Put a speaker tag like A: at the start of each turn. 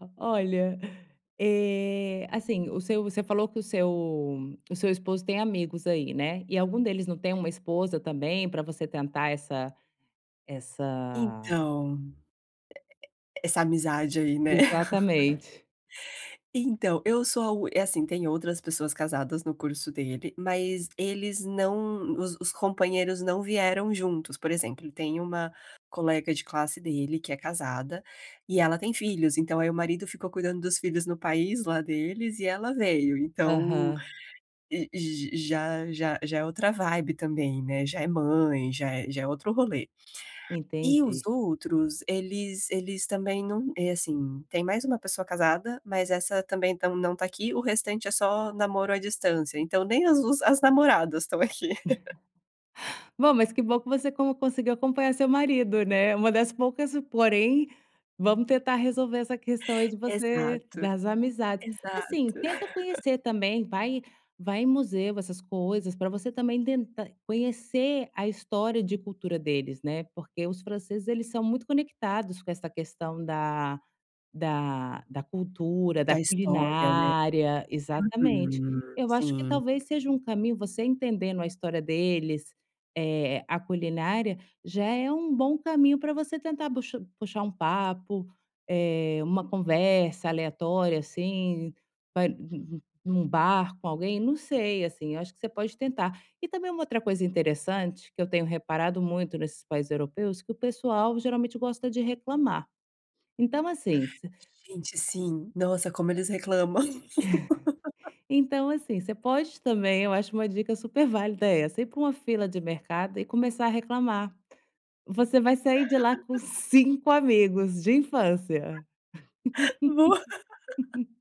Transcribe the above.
A: O olha, eh, assim, o seu você falou que o seu o seu esposo tem amigos aí, né? E algum deles não tem uma esposa também para você tentar essa essa
B: Então E e essa amizade aí, né?
A: Exatamente.
B: Então, eu sou a uni é assim, tem outras pessoas casadas no curso dele, mas eles não os os companheiros não vieram juntos. Por exemplo, tem uma colega de classe dele que é casada, e ela tem filhos, então aí o marido ficou cuidando dos filhos no país lá deles e ela veio. Então,
A: Aham.
B: já já já é outra vibe também, né? Já é mãe, já é já é outro rolê. E os
A: Entendi.
B: outros, eles eles também não É, assim, tem mais uma pessoa casada, mas essa também tão não está aqui. O restante é só namoro à distância, então nem os as namoradas estão aqui.
A: Bom, mas que bom que você con conseguiu acompanhar seu marido, né? Uma das poucas, porém, vamos tentar resolver essa questão aí de você
B: Exato,
A: das amizades. Assim,
B: exato.
A: tenta conhecer também, vai vai em museu, essas coisas, para você também tentar conhecer a história de cultura deles, né? Porque os franceses eles são muito conectados com essa questão da da da cultura, da
B: Da história, né?
A: culinária, exatamente.
B: Uhum,
A: Eu acho que
B: sim.
A: talvez seja um caminho, você entendendo a história deles, eh, a culinária, já é um bom caminho para você tentar buxa puxar um papo, eh, uma conversa aleatória, assim, pa num bar com alguém, não sei, assim. Acho que você pode tentar. E também uma outra coisa interessante que eu tenho reparado muito nesses países europeus que o pessoal geralmente gosta de reclamar. Então, assim, se
B: Gente, sim! Nossa, como eles reclamam.
A: Então, assim, você pode também Eu acho, uma dica super válida essa: ir para uma fila de mercado e começar a reclamar. Você vai sair de lá com 5 amigos de infância.
B: Boa.